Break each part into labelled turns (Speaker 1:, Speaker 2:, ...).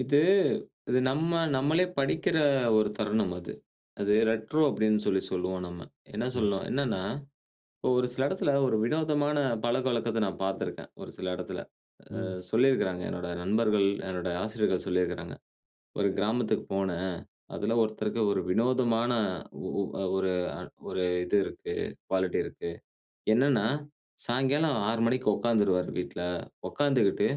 Speaker 1: இது, இது நம்ம நம்மளே படிக்கிற ஒரு தருணம் அது. அது ரெட்ரோ அப்பிடின்னு சொல்லி சொல்லுவோம் நம்ம. என்ன
Speaker 2: ம்.
Speaker 1: சொல்லணும்? என்னன்னா, இப்ப ஒரு சில இடத்துல ஒரு வினோதமான பழக்கவழக்கத்த நான் பார்த்துருக்கேன். ஒரு சில இடத்துல, அ
Speaker 2: ம்.
Speaker 1: சொல்லியிருக்கிறாங்க என்னோட நண்பர்கள், என்னோட ஆசிரியர்கள் சொல்லியிருக்கிறாங்க. ஒரு கிராமத்துக்கு போனேன், அதில ஒருத்தருக்கு ஒரு வினோதமான ஒ ஒ ஒரு ஒரு இது இருக்கு, குவாலிட்டி இருக்கு. என்னென்னா, சாயங்காலம் 6:00 மணிக்கு உட்கார்ந்துருவாரு வீட்ல. உட்கார்ந்துக்கிட்டு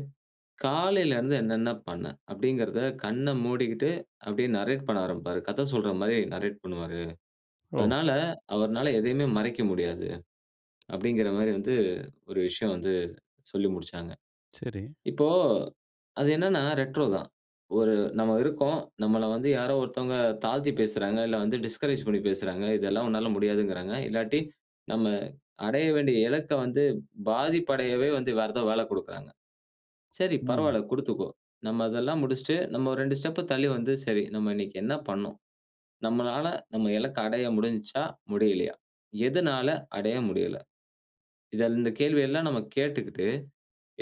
Speaker 1: காலையில இருந்து என்னென்ன பண்ண? அப்பிடிங்கிறத கண்ண மூடிக்கிட்டு அப்பிடியே நரேட் பண்ண ஆரம்பிப்பாரு. கத சொல்றமாரி நரேட் பண்ணுவாரு.
Speaker 2: ஓ!
Speaker 1: அதனால, அவருனால எதையுமே மறைக்க முடியாது. அப்பிடிங்கிறமாரி வந்து ஒரு விஷயம் வந்து சொல்லி முடிச்சாங்க.
Speaker 2: சரி.
Speaker 1: இப்போ அது என்னென்னா ரெட்ரோ தான். ஒரு நம்ம இருக்கோம், நம்மள வந்து யாரோ ஒருத்தவுங்க தாழ்த்தி பேசுறாங்க, இல்ல வந்து டிஸ்கரேஜ் பண்ணி பேசுறாங்க, இதெல்லாம் உன்னால முடியாதுகிறாங்க, இல்லாட்டி நம்ம அடைய வேண்டிய இலக்க வந்து, பாதிப்பு அடையவே வந்து வேற ஏதாவது வேல கொடுக்கிறாங்க. சரி
Speaker 2: ம்.
Speaker 1: பரவாயில்ல குடுத்துக்கோ. நம்ம அதெல்லாம் முடிச்சிட்டு, நம்ம 2 ஸ்டெப் தள்ளி வந்து சரி, நம்ம இன்னக்கி என்ன பண்ணோம்? நம்மளால நம்ம இலக்க அடைய முடிஞ்சா? முடியலயா? எதனால அடைய முடியல? இத இந்த கேள்வி எல்லாம் நம்ம கேட்டுக்கிட்டு,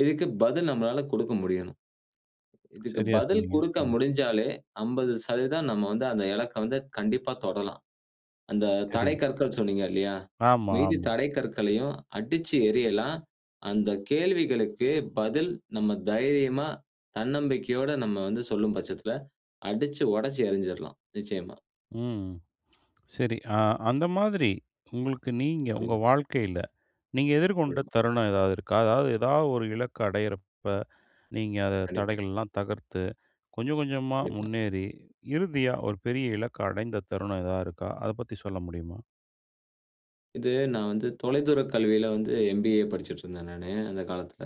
Speaker 1: இதுக்கு பதில் நம்மளால கொடுக்க முடியணும். இதுக்கு
Speaker 2: சரியா
Speaker 1: பதில்
Speaker 2: சொன்னீங்க.
Speaker 1: கொடுக்க
Speaker 2: ம்.
Speaker 1: முடிஞ்சாலே 50% நம்ம வந்து அந்த இலக்க வந்து கண்டிப்பா தொடலாம். அந்த தடை
Speaker 2: சரி.
Speaker 1: கற்கள் சொன்னீங்க இல்லயா!
Speaker 2: ஆமா,
Speaker 1: மீதி
Speaker 2: ஆமா.
Speaker 1: தடை கற்களையும் அடிச்சு எறியலாம், அந்த கேள்விகளுக்கு பதில் நம்ம தைரியமா, தன்னம்பிக்கையோட நம்ம வந்து சொல்லும் பட்சத்தில, அடிச்சு உடச்சு எறிஞ்சிர்லாம் நிச்சயமா.
Speaker 2: ம். சரி. ஆ அந்த மாதிரி, உங்களுக்கு நீங்க, உங்க
Speaker 1: சொல்லுங்க.
Speaker 2: வாழ்க்கையில, நீங்க எதிர்கொண்ட
Speaker 1: [unintelligible]
Speaker 2: தருணம் ஏதாவது இருக்கா? அதாவது, எதாவது ஒரு இலக்கு அடையிறப்ப, நீங்க அத
Speaker 1: கண்டிப்பா.
Speaker 2: தடைகள்லாம் தகர்த்து, கொஞ்சம் கொஞ்சமா
Speaker 1: கண்டிப்பா.
Speaker 2: முன்னேறி, இறுதியா ஒரு பெரிய இலக்க அடைந்த தருணம் எதா இருக்கா? அத பத்தி சொல்ல முடியுமா?
Speaker 1: இது நான் வந்து தொலைதூரக் கல்வியில வந்து எம்.பி.ஏ படிச்சுட்ருந்தேன் நானு. அந்த காலத்தில.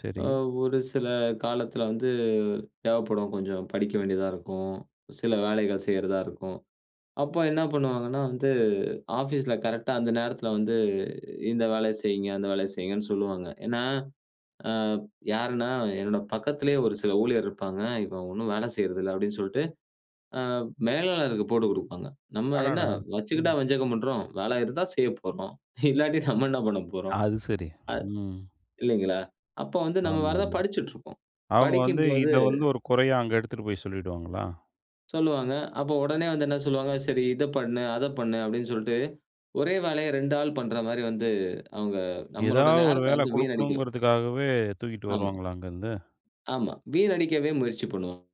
Speaker 2: சரி.
Speaker 1: ஆ ஒரு சில காலத்தில வந்து தேவைப்படும், கொஞ்சம் படிக்க வேண்டியதா இருக்கும், சில வேலைகள் செய்றதா இருக்கும், அப்ப என்ன பண்ணுவாங்கன்னா வந்து, ஆஃபீஸ்ல கரெக்ட்டா அந்த நேரத்தில வந்து, இந்த வேலைய செய்யிங்க, அந்த வேலைய செய்யிங்கன்னு சொல்லுவாங்க. ஏனா, அ யாருன்னா என்னோட பக்கத்திலேயே ஒரு சில ஊழியர் இருப்பாங்க, இவன் ஒண்ணும் வேல செய்றதில்ல அப்பிடின்னு சொல்ட்டு, ஆ மேலாளருக்கு போட்டு கொடுப்பாங்க, நம்ம என்ன
Speaker 2: அடடா! ம்.
Speaker 1: வச்சுக்கிட்டா வஞ்சகம் பண்றோம்! வேல இருந்தா செய்யப் போறோம், இல்லாட்டி நம்ம என்ன பண்ணப்போறோம்
Speaker 2: அது சரி.
Speaker 1: ஆ,
Speaker 2: ம்.
Speaker 1: இல்லேங்களா! அப்போ வந்து நம்ம
Speaker 2: ஆமா,
Speaker 1: வேற எதா
Speaker 2: ஆமா.
Speaker 1: படிச்சிட்டு இருப்போம்
Speaker 2: அவுங்க வந்து
Speaker 1: படிக்கும்போது
Speaker 2: இத வந்து ஒரு குறையா அங்க எடுத்துட்டு போய் சொல்லிடுவாங்களா?
Speaker 1: சொல்லுவாங்க, அப்போ உடனே வந்து என்ன சொல்லுவாங்க, சரி இத பண்ணு. அத பண்ணு அப்பபிடின்னு சொல்லிட்டு, ஒரே வேலைய 2 ஆள் பண்றமாரி வந்து, அவுங்க நம்மளோட
Speaker 2: ஏதாவது 1
Speaker 1: நேரத்த
Speaker 2: வேலை
Speaker 1: வந்து வீணடிக்கும்.
Speaker 2: கொடுக்கணுங்கிறதுக்காகவே, தூக்கிட்டு
Speaker 1: ஆமா.
Speaker 2: வருவாங்களா! அங்கருந்து?
Speaker 1: ஆமா. வீண் அடிக்கவே முயற்சி பண்ணுவாங்க.